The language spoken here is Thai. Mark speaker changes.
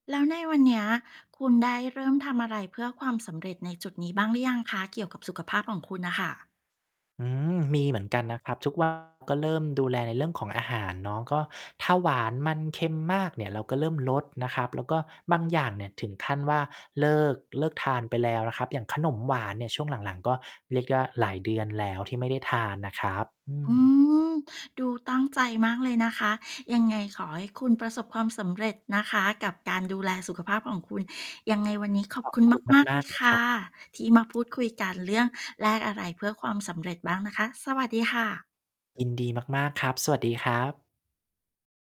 Speaker 1: แล้วในวันเนี้ย คุณได้เริ่มทำอะไรเพื่อความสำเร็จในจุดนี้บ้างหรือยังคะ? เกี่ยวกับสุขภาพของคุณน่ะค่ะ
Speaker 2: อืม มีเหมือนกันนะครับ ทุก วัน ก็เริ่มดูแลในเรื่องของอาหารเนาะ ก็ถ้า หวาน มัน เค็มมากเนี่ย เราก็เริ่มลดนะครับ แล้วก็บางอย่างเนี่ย ถึงขั้นว่าเลิก เลิกทานไปแล้วนะครับ อย่างขนมหวานเนี่ย ช่วงหลัง ๆ ก็เรียกได้ว่าหลายเดือนแล้วที่ไม่ได้ทานนะครับ อื
Speaker 1: อื
Speaker 2: ม
Speaker 1: ม ดูตั้งใจมากเลยนะคะ ยังไงขอให้คุณประสบความสำเร็จนะคะ กับการ ดูแลสุขภาพของคุณ ยังไงวันนี้ขอ
Speaker 2: ข
Speaker 1: บ
Speaker 2: อบ
Speaker 1: คุณ
Speaker 2: คุณ
Speaker 1: มาก ๆ
Speaker 2: ม
Speaker 1: เล
Speaker 2: าก
Speaker 1: ย
Speaker 2: ๆ เล
Speaker 1: ค
Speaker 2: ยค
Speaker 1: ่
Speaker 2: ร
Speaker 1: ะ
Speaker 2: ับ
Speaker 1: ที่มาพูดคุยกันเรื่องแลกอะไรเพื่อความสำเร็จบ้างนะคะ สวัสดีค่ะ
Speaker 2: ยินดีมาก ๆ ครับ สวัสดีครับ